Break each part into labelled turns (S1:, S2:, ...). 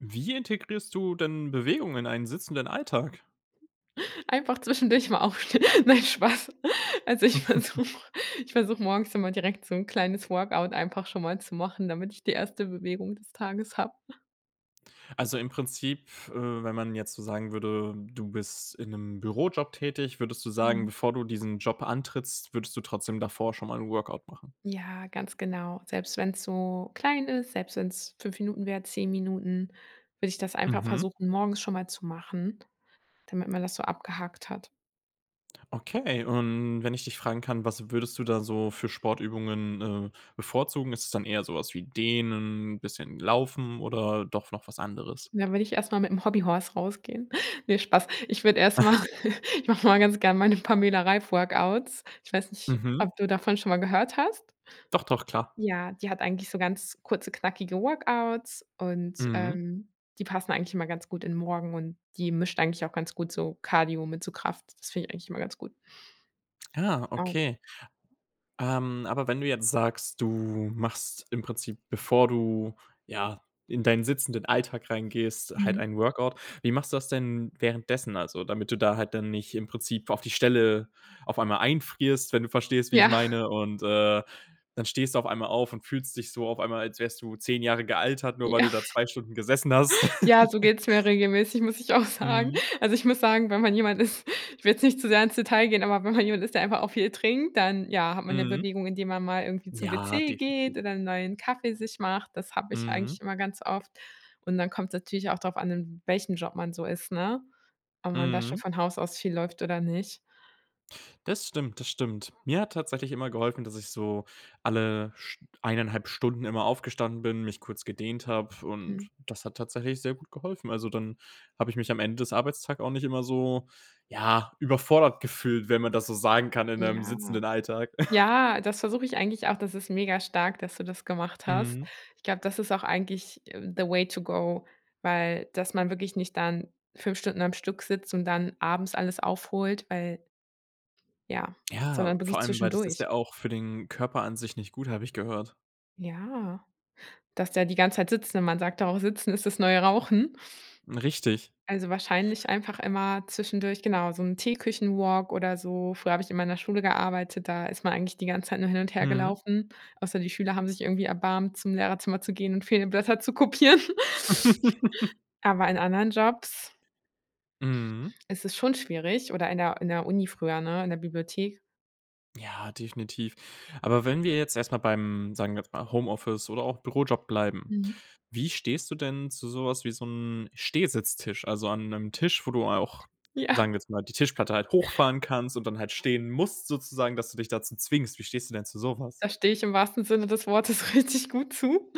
S1: Wie integrierst du denn Bewegung in einen sitzenden Alltag?
S2: Einfach zwischendurch mal aufstehen. Nein, Spaß. Also, ich versuche ich versuche morgens immer direkt so 'n kleines Workout einfach schon mal zu machen, damit ich die 1. Bewegung des Tages habe.
S1: Also, im Prinzip, äh, wenn man jetzt so sagen würde, du bist in 'nem Bürojob tätig, würdest du sagen,
S2: Mhm.
S1: bevor du diesen Job antrittst, würdest du trotzdem davor schon mal 'n Workout machen?
S2: Ja, ganz genau. Selbst wenn's so klein ist, selbst wenn's 5 Minuten wäre, 10 Minuten, würde ich das einfach
S1: Mhm.
S2: versuchen, morgens schon mal zu machen, damit man das so abgehakt hat.
S1: Okay, und wenn ich dich fragen kann, was würdest du da so für Sportübungen, äh, bevorzugen? Ist das dann eher sowas wie dehnen, bisschen laufen oder doch noch was anderes?
S2: Dann würde ich erstmal mit'm Hobby Horse rausgehen. Ne, Spaß. Ich würde erstmal ich mache mal ganz gerne meine Pamela-Reif-Workouts. Ich weiß nicht,
S1: Mhm.
S2: ob du davon schon mal gehört hast.
S1: Doch, doch, klar.
S2: Ja, die hat eigentlich so ganz kurze, knackige Workouts und,
S1: Mhm.
S2: ähm, die passen eigentlich immer ganz gut in Morgen und die mischt eigentlich auch ganz gut so Cardio mit so Kraft. Das finde ich eigentlich immer ganz gut.
S1: Ah,
S2: Ah.
S1: okay. Ähm, aber wenn du jetzt sagst, du machst im Prinzip, bevor du, ja, in deinen sitzenden Alltag reingehst, halt
S2: Mhm.
S1: ein Workout, wie machst du das denn währenddessen, also, damit du da halt dann nicht, im Prinzip, auf die Stelle auf einmal einfrierst, wenn du verstehst, wie ich
S2: Ja.
S1: meine und, äh, dann stehst du auf einmal auf und fühlst dich so auf einmal, als wärst du 10 Jahre gealtert, nur weil
S2: Ja.
S1: du da 2 Stunden gesessen hast.
S2: Ja, so geht's mir regelmäßig, muss ich auch sagen.
S1: Mhm.
S2: Also, ich muss sagen, wenn man jemand ist ich will jetzt nicht zu sehr ins Detail gehen, aber wenn man jemand ist, der einfach auch viel trinkt, dann ja, hat man ja
S1: Mhm.
S2: Bewegung, indem man mal irgendwie zum
S1: Ja,
S2: WC
S1: definitiv.
S2: geht oder 'n neuen Kaffee sich macht. Das habe ich
S1: Mhm.
S2: eigentlich immer ganz oft. Und dann kommt's natürlich auch darauf an, in welchem Job man so ist, ne? Ob man da schon
S1: Mhm.
S2: von Haus aus viel läuft oder nicht.
S1: Das stimmt, das stimmt. Mir hat tatsächlich immer geholfen, dass ich so alle St 1 1/2 Stunden immer aufgestanden bin, mich kurz gedehnt habe und
S2: Mhm.
S1: das hat tatsächlich sehr gut geholfen. Also, dann habe ich mich am Ende des Arbeitstag auch nicht immer so, ja, überfordert gefühlt, wenn man das so sagen kann in 'nem
S2: Ja.
S1: sitzenden Alltag.
S2: Ja, das versuche ich eigentlich auch, das ist mega-stark, dass du das gemacht hast.
S1: Mhm.
S2: Ich glaube, das ist auch eigentlich, äh, the way to go, weil dass man wirklich nicht dann 5 Stunden am Stück sitzt und dann abends alles aufholt, weil ja,
S1: Ja,
S2: sondern wirklich
S1: vor allem weil das ist
S2: zwischendurch.
S1: ja auch für den Körper an sich nicht gut, habe ich gehört.
S2: Ja, dass der die ganze Zeit sitzt, wenn man sagt da auch sitzen ist das neue Rauchen.
S1: Hm, richtig.
S2: Also, wahrscheinlich einfach immer zwischendurch, genau, so 'n Teeküchen-walk oder so. Früher habe ich immer in der Schule gearbeitet, da ist man eigentlich die ganze Zeit nur hin und her
S1: Mhm.
S2: gelaufen, außer die Schüler haben sich irgendwie erbarmt, zum Lehrerzimmer zu gehen und fehlende Blätter zu kopieren. Aber in anderen Jobs
S1: Mhm.
S2: ist es schon schwierig, oder in der in der Uni früher, ne, in der Bibliothek?
S1: Ja, definitiv. Aber wenn wir jetzt erstmal beim, sagen wir jetzt mal Homeoffice oder auch Bürojob bleiben,
S2: Mhm.
S1: wie stehst du denn zu sowas wie so 'n Stehsitztisch? Also, an 'nem Tisch, wo du auch,
S2: Ja.
S1: sagen wir jetzt mal, die Tischplatte halt hochfahren kannst und dann halt stehen musst sozusagen, dass du dich dazu zwingst. Wie stehst du denn zu sowas?
S2: Da stehe ich im wahrsten Sinne des Wortes richtig gut zu.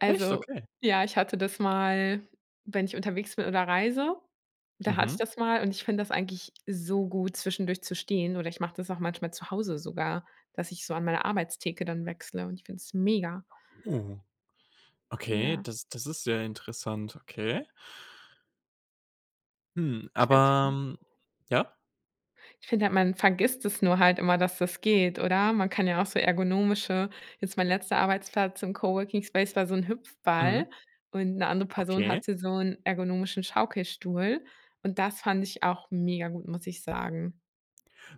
S1: Echt? Okay.
S2: ja, ich hatte das mal wenn ich unterwegs bin oder reise, da hatte ich
S1: Mhm.
S2: das mal und ich finde das eigentlich so gut zwischendurch zu stehen, oder ich mache das auch manchmal zu Hause sogar, dass ich so an meine Arbeitstheke dann wechsle und ich finde es mega.
S1: Oh, okay,
S2: Ja.
S1: das das ist sehr interessant, okay. Hm,
S2: Ich finde
S1: aber,
S2: halt
S1: ähm ja?
S2: Ich finde halt, man vergisst das nur halt immer, dass das geht, oder? Man kann ja auch so ergonomische jetzt mein letzter Arbeitsplatz im Coworking Space war so 'n
S1: Mhm.
S2: Hüpfball und 'ne andere Person
S1: Okay.
S2: hatte so 'n ergonomischen Schaukelstuhl und das fand ich auch mega gut, muss ich sagen.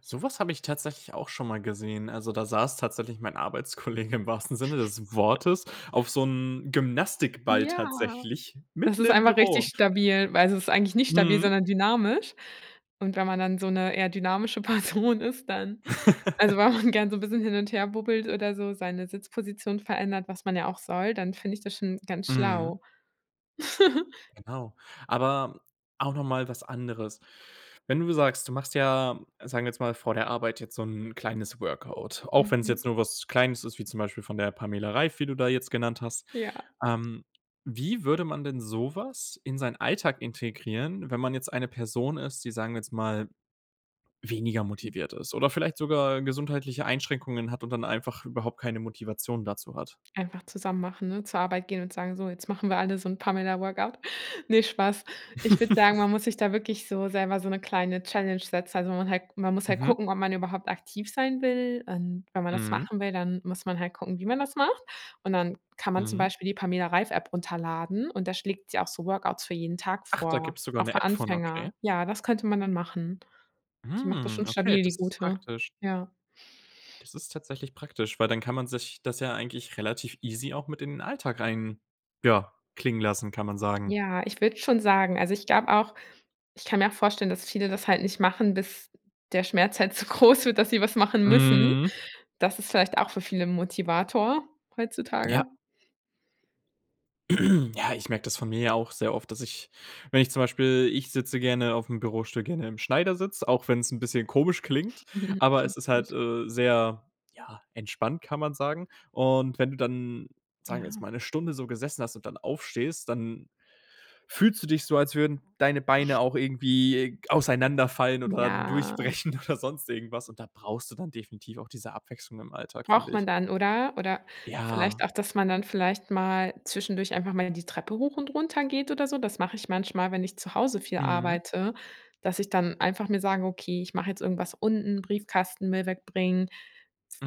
S1: Sowas habe ich tatsächlich auch schon mal gesehen. Also, da saß tatsächlich mein Arbeitskollege im wahrsten Sinne des Wortes auf so 'nem Gymnastikball
S2: Ja,
S1: tatsächlich
S2: das
S1: mitten
S2: ist
S1: im
S2: einfach
S1: Büro.
S2: richtig stabil, weil es ist eigentlich nicht stabil,
S1: Mhm.
S2: sondern dynamisch. Und wenn man dann so 'ne eher dynamische Person ist, dann also, wenn man gern so 'n bisschen hin und her bubbelt oder so, seine Sitzposition verändert, was man ja auch soll, dann finde ich das schon ganz
S1: Mhm.
S2: schlau.
S1: Genau, aber auch nochmal was anderes. Wenn du sagst, du machst ja, sagen wir jetzt mal vor der Arbeit jetzt so 'n kleines Workout, auch wenn es jetzt
S2: Mhm.
S1: nur was Kleines ist, wie zum Beispiel von der Pamela Reif, wie du da jetzt genannt hast.
S2: Ja.
S1: Ähm, wie würde man denn sowas in seinen Alltag integrieren, wenn man jetzt eine Person ist, die sagen wir jetzt mal weniger
S2: Mhm.
S1: motiviert ist, oder vielleicht sogar gesundheitliche Einschränkungen hat und dann einfach überhaupt keine Motivation dazu hat?
S2: Einfach zusammen machen, ne, zur Arbeit gehen und sagen: „So, jetzt machen wir alle so 'n Pamela Workout.“ Ne, Spaß. Ich würde sagen, man muss sich da wirklich so selber so 'ne kleine Challenge setzen, also, man halt man muss halt
S1: Mhm.
S2: gucken, ob man überhaupt aktiv sein will und wenn man das
S1: Mhm.
S2: machen will, dann muss man halt gucken, wie man das macht. Und dann kann man zum
S1: Mhm.
S2: Beispiel die Pamela Reif-App runterladen und da schlägt sie auch so Workouts für jeden Tag
S1: Ach, da
S2: vor,
S1: gibt's sogar
S2: auch
S1: 'ne
S2: für
S1: App von, okay.
S2: Anfänger. Ja, das könnte man dann machen. Die macht das schon
S1: Hm, okay,
S2: stabil, die
S1: das ist
S2: gute.
S1: praktisch.
S2: Ja.
S1: Das ist tatsächlich praktisch, weil dann kann man sich das ja eigentlich relativ easy auch mit in den Alltag rein ja klingen lassen, kann man sagen.
S2: Ja, ich würde schon sagen, also, ich glaube auch ich kann mir auch vorstellen, dass viele das halt nicht machen, bis der Schmerz halt so groß wird, dass sie was machen müssen.
S1: Mhm.
S2: Das ist vielleicht auch für viele 'n Motivator
S1: Ja.
S2: heutzutage.
S1: Ja, ich merke das von mir auch sehr oft, dass ich, wenn ich zum Beispiel, ich sitze gerne auf'm Bürostuhl, gerne im Schneidersitz, auch wenn's 'n bisschen komisch klingt, aber es
S2: Klingt
S1: ist halt,
S2: gut.
S1: äh, sehr, ja, entspannt, kann man sagen. Und wenn du dann, sagen wir jetzt
S2: Ja.
S1: mal 'ne Stunde so gesessen hast und dann aufstehst, dann fühlst du dich so, als würden deine Beine auch irgendwie g auseinanderfallen oder
S2: Ja.
S1: durchbrechen oder sonst irgendwas und da brauchst du dann definitiv auch diese Abwechslung im Alltag, finde
S2: Braucht
S1: ich.
S2: man dann, oder? Oder vielleicht
S1: Ja.
S2: auch dass man dann vielleicht mal zwischendurch einfach mal die Treppe hoch und runter geht oder so. Das mache ich manchmal, wenn ich zu Hause viel
S1: Mhm.
S2: arbeite, dass ich dann einfach mir sage: „Okay, ich mache jetzt irgendwas unten, Briefkasten, Müll wegbringen“,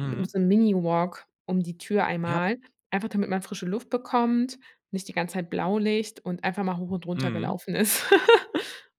S2: hm, so 'n Mini-Walk um die Tür
S1: Ja.
S2: einmal, einfach damit man frische Luft bekommt, nicht die ganze Zeit Blaulicht und einfach mal hoch und runter
S1: Mhm.
S2: gelaufen ist.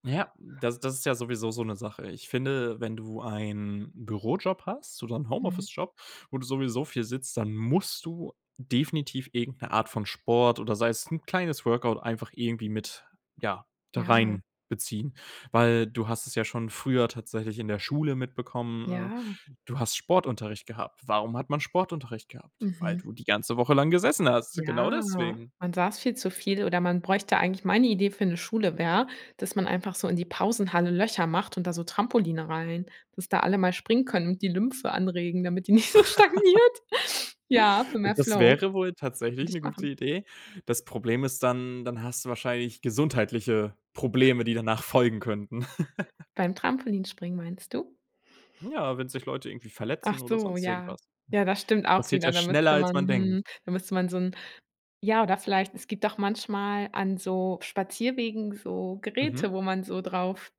S1: Ja, das das ist ja sowieso so 'ne Sache. Ich finde, wenn du einen Bürojob hast oder 'n
S2: Mhm.
S1: Homeoffice Job, wo du sowieso viel sitzt, dann musst du definitiv irgend 'ne Art von Sport oder sei es 'n kleines Workout einfach irgendwie mit ja da
S2: Ja.
S1: reinbeziehen, weil du hast es ja schon früher tatsächlich in der Schule mitbekommen.
S2: Ja.
S1: Äh, du hast Sportunterricht gehabt. Warum hat man Sportunterricht gehabt? Weil
S2: Mhm.
S1: du die ganze Woche lang gesessen hast. Genau
S2: Ja,
S1: deswegen.
S2: man saß viel zu viel, oder man bräuchte eigentlich meine Idee für 'ne Schule wäre, dass man einfach so in die Pausenhalle Löcher macht und da so Trampoline rein, dass da alle mal springen können und die Lymphe anregen, damit die nicht so stagniert. Ja, für mehr
S1: Das
S2: Flow
S1: wäre wohl tatsächlich
S2: würde
S1: 'ne
S2: ich
S1: gute
S2: machen.
S1: Idee. Das Problem ist, dann, dann hast du wahrscheinlich gesundheitliche Probleme, die danach folgen könnten.
S2: Beim Trampolinspringen meinst du?
S1: Hm, ja, wenn sich Leute irgendwie
S2: Ach
S1: verletzen oder
S2: so,
S1: sonst
S2: ja.
S1: irgendwas.
S2: Ja, das stimmt
S1: Das
S2: auch
S1: passiert
S2: wieder.
S1: ja
S2: Da
S1: schneller,
S2: müsste
S1: als
S2: man
S1: man denkt.
S2: mhm, da müsste man so 'n ja, oder vielleicht, es gibt auch manchmal an so Spazierwegen so
S1: Mhm.
S2: Geräte, wo man so drauf,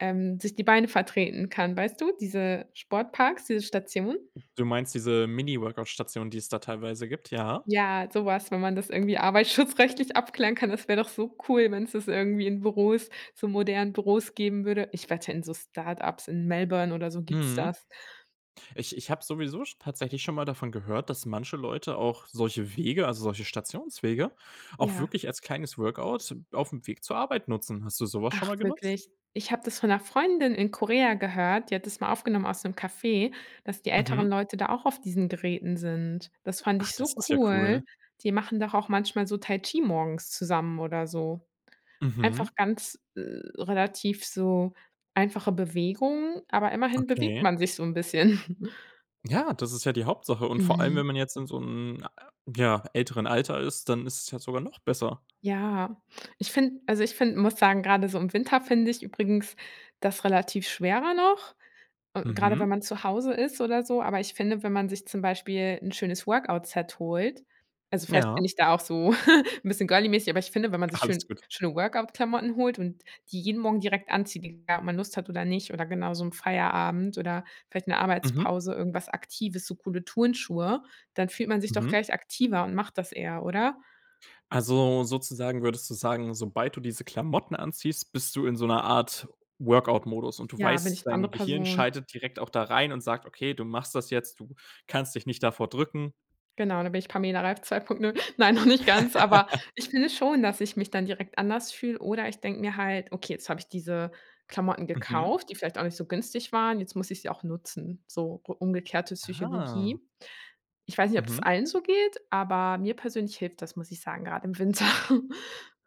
S2: ähm, sich die Beine vertreten kann, weißt du, diese Sportparks, diese Station?
S1: Du meinst diese Mini-Workout-Station, die es da teilweise gibt, ja?
S2: Ja, sowas, wenn man das irgendwie arbeitsschutzrechtlich abklären kann, das wäre doch so cool, wenn's das irgendwie in Büros, so modernen Büros geben würde. Ich wette, in so Start-ups in Melbourne oder so gibt's
S1: Mhm.
S2: das.
S1: Ich ich habe sowieso sch tatsächlich schon mal davon gehört, dass manche Leute auch solche Wege, also, solche Stationswege auch
S2: Ja.
S1: wirklich als kleines Workout auf'm Weg zur Arbeit nutzen. Hast du sowas schon
S2: Ach,
S1: mal genutzt?
S2: wirklich? Ich habe das von 'ner Freundin in Korea gehört. Die hat das mal aufgenommen aus 'nem Café, dass die
S1: Mhm.
S2: älteren Leute da auch auf diesen Geräten sind. Das fand
S1: Ach,
S2: ich
S1: das
S2: so
S1: ist ja cool.
S2: cool. Die machen doch auch manchmal so Tai Chi morgens zusammen, oder so einfach
S1: Mhm.
S2: ganz, äh, relativ so einfache Bewegung. Aber immerhin bewegt
S1: Okay.
S2: man sich so 'n bisschen.
S1: Ja, das ist ja die Hauptsache. Und vor allem,
S2: Mhm.
S1: wenn man jetzt in so 'n, ja, älteren Alter ist, dann ist es ja sogar noch besser.
S2: Ja, ich finde also, ich finde muss sagen, grade so im Winter finde ich übrigens das relativ schwerer noch, äh, grade,
S1: Mhm.
S2: wenn man zu Hause ist oder so. Aber ich finde, wenn man sich zum Beispiel 'n schönes Workout-Set holt. Also, vielleicht bin
S1: Ja.
S2: ich da auch so 'n bisschen girly-mäßig, aber ich finde, wenn man sich
S1: Alles
S2: schön
S1: gut.
S2: schöne Workout-Klamotten holt und die jeden Morgen direkt anzieht, egal ob man Lust hat oder nicht, oder genau so im Feierabend oder vielleicht 'ne
S1: Mhm.
S2: Arbeitspause, irgendwas Aktives, so coole Turnschuhe, dann fühlt man sich doch
S1: Mhm.
S2: gleich aktiver und macht das eher, oder?
S1: Also, sozusagen würdest du sagen, sobald du diese Klamotten anziehst, bist du in so einer Art Workout-Modus und du
S2: Ja, bin
S1: weißt,
S2: ich 'ne
S1: dein
S2: andere
S1: Gehirn
S2: Person.
S1: schaltet direkt auch da rein und sagt: „Okay, du machst das jetzt, du kannst dich nicht davor drücken.“
S2: Genau, da bin ich Pamela Reif 2.0. Nein, noch nicht ganz, aber ich finde schon, dass ich mich dann direkt anders fühle, oder ich denke mir halt: „Okay, jetzt habe ich diese Klamotten
S1: Mhm.
S2: gekauft, die vielleicht auch nicht so günstig waren, jetzt muss ich sie auch nutzen“, so u umgekehrte
S1: Ah.
S2: Psychologie. Ich weiß nicht, ob das
S1: Mhm.
S2: allen so geht, aber mir persönlich hilft das, muss ich sagen, grad im Winter.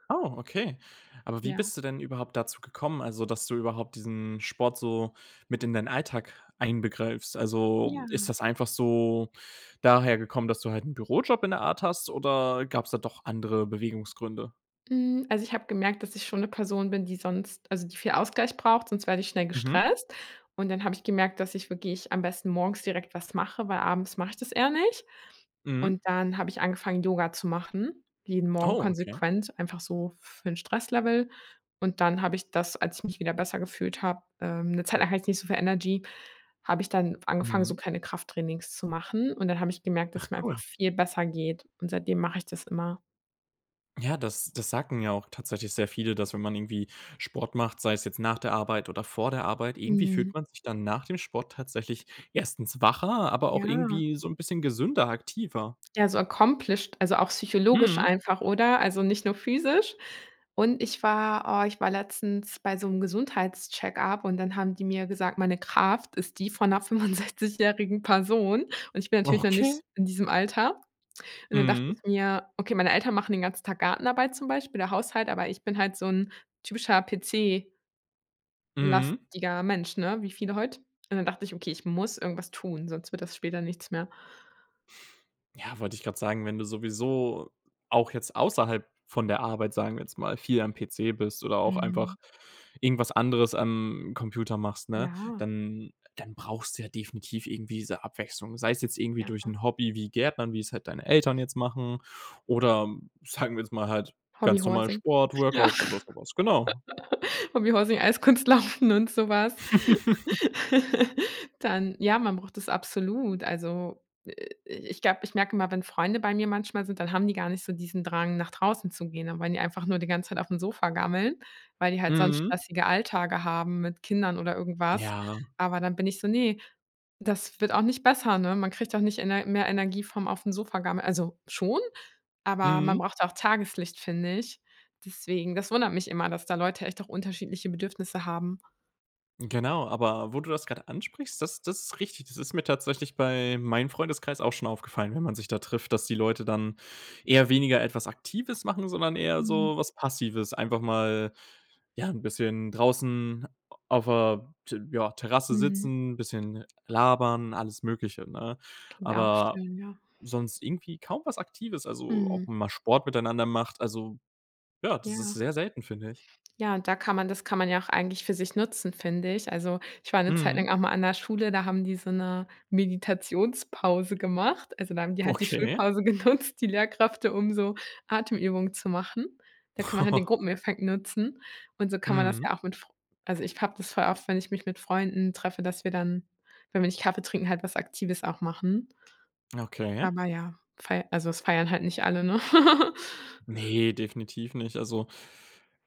S1: Oh, okay. Aber wie
S2: Ja.
S1: bist du denn überhaupt dazu gekommen? Also, dass du überhaupt diesen Sport so mit in deinen Alltag einbegreifst. Also, ist
S2: Ja.
S1: das einfach so daher gekommen, dass du halt 'n Bürojob in der Art hast, oder gab es da doch andere Bewegungsgründe?
S2: Hm, also, ich habe gemerkt, dass ich schon 'ne Person bin, die sonst also, die viel Ausgleich braucht, sonst werde ich schnell
S1: Mhm.
S2: gestresst. Und dann habe ich gemerkt, dass ich wirklich am besten morgens direkt was mache, weil abends mache ich das eher nicht.
S1: Mhm.
S2: Und dann habe ich angefangen, Yoga zu machen, jeden Morgen
S1: Oh, okay.
S2: konsequent, einfach so für 'n Stresslevel und dann habe ich das, als ich mich wieder besser gefühlt habe ähm, 'ne Zeit lang hatte ich nicht so viel Energy habe ich dann angefangen, so
S1: Mhm.
S2: kleine Krafttrainings zu machen und dann habe ich gemerkt, dass es
S1: Ach,
S2: mir einfach
S1: cool.
S2: viel besser geht und seitdem mache ich das immer.
S1: Ja, das das sagen ja auch tatsächlich sehr viele, dass wenn man irgendwie Sport macht, sei es jetzt nach der Arbeit oder vor der Arbeit, irgendwie fühlt
S2: Mhm.
S1: man sich dann nach dem Sport tatsächlich 1. wacher, aber auch
S2: Ja.
S1: irgendwie so 'n bisschen gesünder, aktiver.
S2: Ja, so accomplished, also, auch psychologisch
S1: Mhm.
S2: einfach, oder? Also, nicht nur physisch. Und ich war oh, ich war letztens bei so 'nem Gesundheits-Check-up und dann haben die mir gesagt: „Meine Kraft ist die von 'ner fünfundsechzigjährigen Person.“ Und ich bin natürlich noch nicht
S1: Okay.
S2: in diesem Alter. Und dann dachte ich
S1: Mhm.
S2: mir: „Okay“ meine Eltern machen den ganzen Tag Gartenarbeit zum Beispiel oder Haushalt, aber ich bin halt so 'n typischer PC
S1: Mhm.
S2: lastiger Mensch, ne, wie viele heute. Und dann dachte ich: „Okay, ich muss irgendwas tun, sonst wird das später nichts mehr.“
S1: Ja, wollte ich grad sagen, wenn du sowieso auch jetzt außerhalb von der Arbeit, sagen wir jetzt mal viel am PC bist oder auch einfach
S2: Mhm.
S1: irgendwas anderes am Computer machst, ne,
S2: Ja.
S1: dann dann brauchst du ja definitiv irgendwie diese Abwechslung. Sei es jetzt irgendwie durch
S2: Ja.
S1: 'n Hobby wie Gärtnern, wie es halt deine Eltern jetzt machen oder sagen wir jetzt mal halt
S2: Hobby
S1: ganz normal
S2: Horsing.
S1: Sport,
S2: Ja,
S1: Workouts oder sowas, genau.
S2: Hobby Horsing, Eiskunstlaufen und sowas. Dann ja, man braucht das absolut. Also, äh, äh, ich glaube, ich merke immer, wenn Freunde bei mir manchmal sind, dann haben die gar nicht so diesen Drang nach draußen zu gehen, dann wollen die einfach nur die ganze Zeit auf'm Sofa gammeln, weil die halt sonst
S1: Mhm.
S2: stressige Alltage haben mit Kindern oder irgendwas.
S1: Ja.
S2: Aber dann bin ich so: „Ne, das wird auch nicht besser, ne?“ Man kriegt doch nicht Ener mehr Energie vom auf'm Sofa gammeln. Also, schon, aber man
S1: Mhm.
S2: braucht auch Tageslicht, finde ich. Deswegen das wundert mich immer, dass da Leute echt auch unterschiedliche Bedürfnisse haben.
S1: Genau. Aber wo du das gerade ansprichst, das das ist richtig. Das ist mir tatsächlich bei meinem Freundeskreis auch schon aufgefallen, wenn man sich da trifft, dass die Leute dann eher weniger etwas Aktives machen, sondern eher
S2: Mhm.
S1: so was Passives. Einfach mal, ja, 'n bisschen draußen auf der T ja, Terrasse
S2: Mhm.
S1: sitzen, bisschen labern, alles Mögliche, ne?
S2: Klingt auch
S1: Aber
S2: schön, ja.
S1: sonst irgendwie kaum was Aktives. Also
S2: Mhm.
S1: ob man mal Sport miteinander macht. Also ja, das ist
S2: Ja.
S1: sehr selten, finde ich.
S2: Ja, da kann man das kann man ja auch eigentlich für sich nutzen, finde ich. Also, ich war 'ne Zeit
S1: Mhm.
S2: lang auch mal an 'ner Schule, da haben die so 'ne Meditationspause gemacht, also da haben die halt die
S1: Okay.
S2: Schulpause genutzt, die Lehrkräfte, um so Atemübungen zu machen. Da kann man halt den Gruppeneffekt nutzen und so kann man das
S1: Mhm.
S2: ja auch mit fr also ich habe das voll oft, wenn ich mich mit Freunden treffe, dass wir dann, wenn wir nicht Kaffee trinken, halt was Aktives auch machen.
S1: Okay.
S2: Aber ja, fei also es feiern halt nicht alle, ne?
S1: Ne, definitiv nicht. Also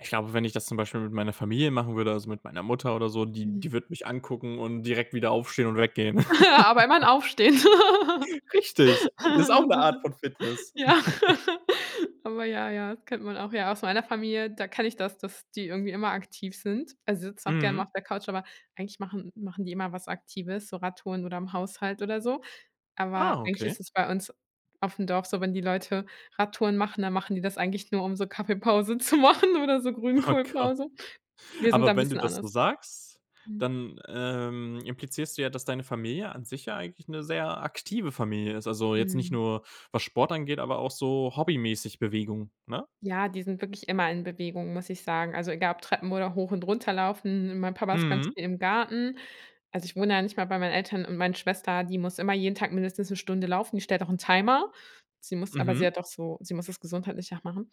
S1: ich glaube, wenn ich das zum Beispiel mit meiner Familie machen würde, also mit meiner Mutter oder so, die
S2: Hm.
S1: die würde mich angucken und direkt wieder aufstehen und weggehen.
S2: Aber immerhin Aufstehen.
S1: Richtig, ist auch 'ne Art von Fitness.
S2: Ja. Aber ja, ja, das kennt man auch, ja, aus meiner Familie, da kenne ich das, dass die irgendwie immer aktiv sind, also sitzen auch gerne mal
S1: Mhm.
S2: auf der Couch, aber eigentlich machen machen die immer was Aktives, so Radtouren oder im Haushalt oder so. Aber
S1: Ah,
S2: eigentlich ist
S1: okay.
S2: es bei uns aufm Dorf so, wenn die Leute Radtouren machen, dann machen die das eigentlich nur um so Kaffeepause zu machen oder so
S1: Oh Gott.
S2: Grünkohlpause. Wir sind da
S1: Aber
S2: 'n
S1: wenn du
S2: bisschen
S1: das so
S2: anders.
S1: sagst,
S2: Mhm.
S1: dann, ähm, implizierst du ja, dass deine Familie an sich ja eigentlich 'ne sehr aktive Familie ist. Also jetzt nicht
S2: Mhm.
S1: nur, was Sport angeht, aber auch so hobbymäßig Bewegung, ne?
S2: Ja, die sind wirklich immer in Bewegung, muss ich sagen. Also egal ob Treppen oder hoch und runterlaufen, mein Papa ist ganz
S1: Mhm.
S2: viel im Garten. Also ich wohne ja nicht mehr bei meinen Eltern und meine Schwester, die muss immer jeden Tag mindestens 'ne Stunde laufen, die stellt auch 'n Timer, sie muss aber sie
S1: Mhm.
S2: hat auch so sie muss das gesundheitlich auch machen.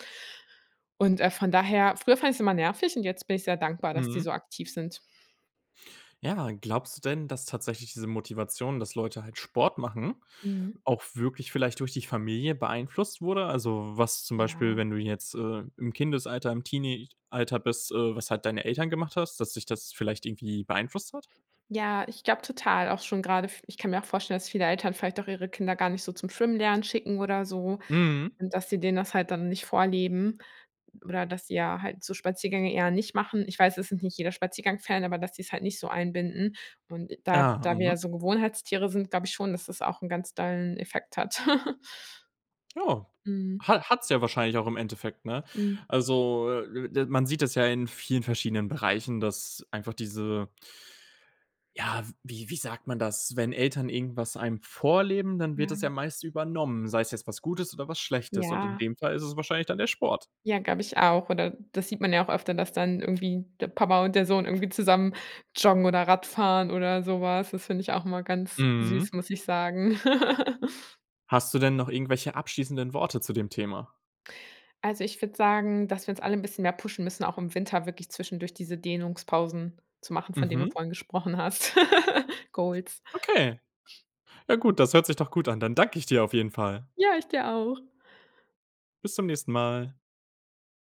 S2: Und, äh, von daher, früher fand ich's immer nervig und jetzt bin ich sehr dankbar, dass die
S1: Mhm.
S2: so aktiv sind.
S1: Ja. Glaubst du denn, dass tatsächlich diese Motivation, dass Leute halt Sport machen,
S2: Mhm.
S1: auch wirklich vielleicht durch die Familie beeinflusst wurde? Also, was zum Beispiel,
S2: Ja.
S1: wenn du jetzt, äh, im Kindesalter, im Teenie-Alter bist, äh, was halt deine Eltern gemacht hast, dass dich das vielleicht irgendwie beeinflusst hat?
S2: Ja, ich glaube total auch schon grade f ich kann mir auch vorstellen, dass viele Eltern vielleicht auch ihre Kinder gar nicht so zum Schwimmen lernen schicken oder so
S1: Mhm.
S2: und dass sie denen das halt dann nicht vorleben oder dass sie ja halt so Spaziergänge eher nicht machen. Ich weiß, es sind nicht jeder Spaziergang-Fan, aber dass sie es halt nicht so einbinden. Und da
S1: Ah,
S2: da wir ja
S1: mhm.
S2: so Gewohnheitstiere sind, glaube ich schon, dass das auch 'n ganz dollen Effekt hat.
S1: Oh,
S2: Mhm.
S1: ha hat's ja wahrscheinlich auch im Endeffekt, ne?
S2: Mhm.
S1: Also, äh, d man sieht das ja in vielen verschiedenen Bereichen, dass einfach diese ja, w wie wie sagt man das? Wenn Eltern irgendwas einem vorleben, dann wird das ja
S2: Ja.
S1: meist übernommen. Sei es jetzt was Gutes oder was Schlechtes. Und in
S2: Ja.
S1: dem Fall ist es wahrscheinlich dann der Sport.
S2: Ja, glaube ich auch, oder das sieht man ja auch öfter, dass dann irgendwie der Papa und der Sohn irgendwie zusammen joggen oder Radfahren oder sowas. Das finde ich auch immer ganz
S1: Mhm.
S2: süß, muss ich sagen.
S1: Hast du denn noch irgendwelche abschließenden Worte zu dem Thema?
S2: Also ich würde sagen, dass wir uns alle 'n bisschen mehr pushen müssen, auch im Winter wirklich zwischendurch diese Dehnungspausen zu machen, von denen du
S1: Mhm.
S2: vorhin gesprochen hast. Goals.
S1: Okay. Ja, gut, das hört sich doch gut an. Dann danke ich dir auf jeden Fall.
S2: Ja, ich dir auch!
S1: Bis zum nächsten Mal.